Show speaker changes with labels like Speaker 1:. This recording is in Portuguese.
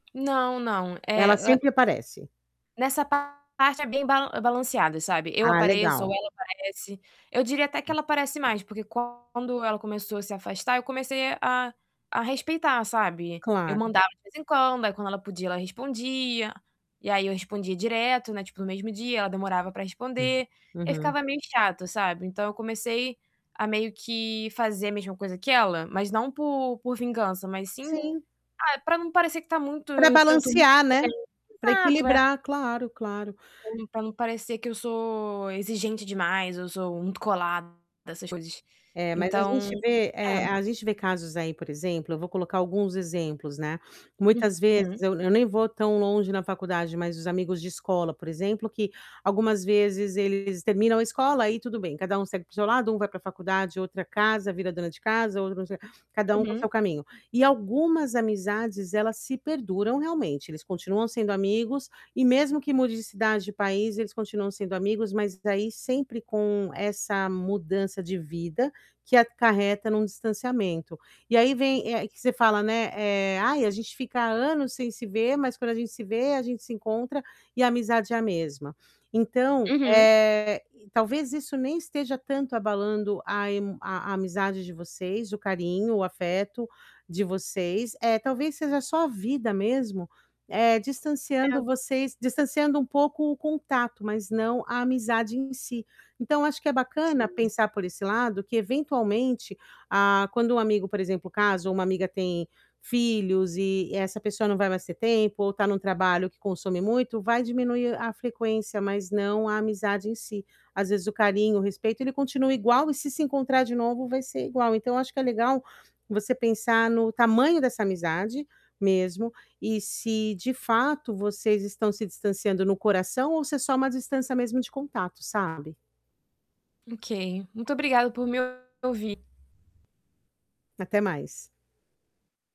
Speaker 1: Não, não.
Speaker 2: Ela
Speaker 1: É, é
Speaker 2: sempre aparece.
Speaker 1: Nessa parte é bem bal balanceado, sabe, eu
Speaker 2: Ah,
Speaker 1: apareço ou
Speaker 2: legal.
Speaker 1: ela aparece. Eu diria até que ela aparece mais, porque quando ela começou a se afastar, eu comecei a a a respeitar, sabe. Eu
Speaker 2: Claro.
Speaker 1: mandava de vez em quando, aí quando ela podia, ela respondia, e aí eu respondia direto, né, tipo, no mesmo dia, ela demorava pra
Speaker 2: Uhum.
Speaker 1: responder, aí
Speaker 2: Uhum.
Speaker 1: ficava meio chato, sabe. Então, eu comecei a meio que fazer a mesma coisa que ela, mas não por por vingança, mas sim
Speaker 2: Sim.
Speaker 1: ah, pra não parecer que tá muito
Speaker 2: Pra
Speaker 1: que eu tô muito
Speaker 2: balancear,
Speaker 1: exigen
Speaker 2: né, pra
Speaker 1: exato, é.
Speaker 2: equilibrar claro, claro.
Speaker 1: Ou então pra não parecer que eu sou exigente demais ou sou muito colada, essas coisas
Speaker 2: É, mas a
Speaker 1: Então,
Speaker 2: gente vê, eh,
Speaker 1: é.
Speaker 2: a gente vê casos aí, por exemplo, eu vou colocar alguns exemplos, né, muitas vezes,
Speaker 1: Uhum.
Speaker 2: eu eu nem vou tão longe na faculdade, mas os amigos de escola, por exemplo, que, algumas vezes, eles terminam a escola, aí tudo bem. Cada um segue para o seu lado, um vai pra faculdade, outra casa, vira dona de casa, outro não sei o cada um com o seu
Speaker 1: Uhum.
Speaker 2: caminho. E algumas amizades, elas se perduram, realmente, eles continuam sendo amigos e mesmo que mude de cidade, de país, eles continuam sendo amigos, mas daí sempre com essa mudança de vida que acarreta num distanciamento. E aí vem, eh, que você fala, né, eh: "Ai, a gente fica anos sem se ver, mas quando a gente se vê, a gente se encontra e a amizade é a mesma". Então,
Speaker 1: Uhum.
Speaker 2: eh, talvez isso nem esteja tanto abalando a emo a a amizade de vocês, o carinho, o afeto de vocês, eh, talvez seja só a vida mesmo, eh,
Speaker 1: É.
Speaker 2: distanciando vocês distanciando um pouco o contato, mas não a amizade em si. Então, eu acho que é bacana
Speaker 1: Sim.
Speaker 2: pensar por esse lado, que eventualmente, a quando um amigo, por exemplo, casa ou uma amiga tem filhos e essa pessoa não vai mais ter tempo ou tá num trabalho que consome muito, vai diminuir a frequência, mas não a amizade em si. Às vezes, o carinho, o respeito, ele continua igual e se se encontrar de novo, vai ser igual. Então, acho que é legal você pensar no tamanho dessa amizade mesmo e se, de fato, vocês estão se distanciando no coração ou se é só uma distância mesmo de contato, sabe.
Speaker 1: OK. Muito obrigada por me ouvir.
Speaker 2: Até mais.